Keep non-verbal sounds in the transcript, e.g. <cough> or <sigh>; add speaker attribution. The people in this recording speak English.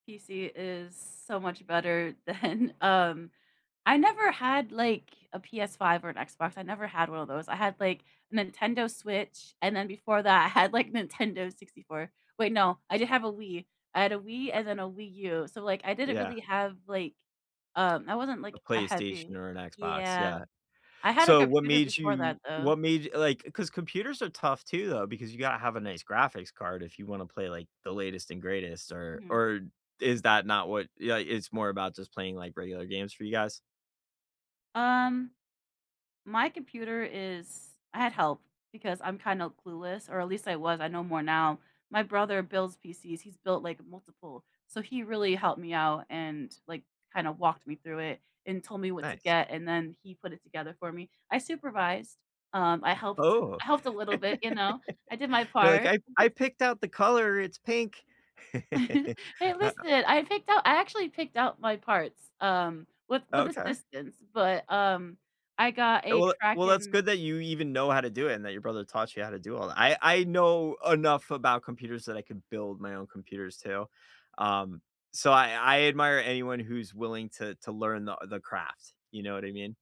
Speaker 1: PC is so much better than um, I never had, like, a PS5 or an Xbox, I never had one of those, I had, like, Nintendo Switch, and then before that, I had, like, Nintendo 64. Wait, no, I did have a Wii. I had a Wii
Speaker 2: Uh
Speaker 1: and then a Wii U, so, like, I didn't
Speaker 2: Yeah.
Speaker 1: really have, like um, I wasn't, like,
Speaker 2: A
Speaker 1: a
Speaker 2: PlayStation
Speaker 1: heavy
Speaker 2: or an Xbox,
Speaker 1: yeah.
Speaker 2: yeah.
Speaker 1: I had a
Speaker 2: So what
Speaker 1: computer
Speaker 2: made
Speaker 1: before that,
Speaker 2: you
Speaker 1: though.
Speaker 2: what made like, 'cause computers are tough too, though, because you gotta have a nice graphics card if you wanna play, like, the latest and greatest, or
Speaker 1: Mhm.
Speaker 2: or is that not what yeah, like, it's more about just playing, like, regular games for you guys?
Speaker 1: Um, my computer is I had help because I'm kinda clueless or at least I was, I know more now. My brother builds PCs, he's built, like, multiple. So he really helped me out and, like, kinda walked me through it and told me what to
Speaker 2: Nice.
Speaker 1: get, and then he put it together for me. I supervised, um, I helped
Speaker 2: Oh,
Speaker 1: I helped a little
Speaker 2: <laughs>
Speaker 1: bit, you know, I did my
Speaker 2: you're like,
Speaker 1: part.
Speaker 2: "I I
Speaker 1: <chuckles>
Speaker 2: picked out the color, it's pink."
Speaker 1: <giggles>
Speaker 2: <laughs>
Speaker 1: Hey,
Speaker 2: uh
Speaker 1: listen, I picked out I actually picked out my parts, um, with with
Speaker 2: Okay.
Speaker 1: assistance, but, um, I got a
Speaker 2: Well well, that's
Speaker 1: Kraken
Speaker 2: good that you even know how to do it and that your brother taught you how to do all that. I I know enough about computers that I could build my own computers too, um, so I I admire anyone who's willing to to learn the u the craft, you know what I mean?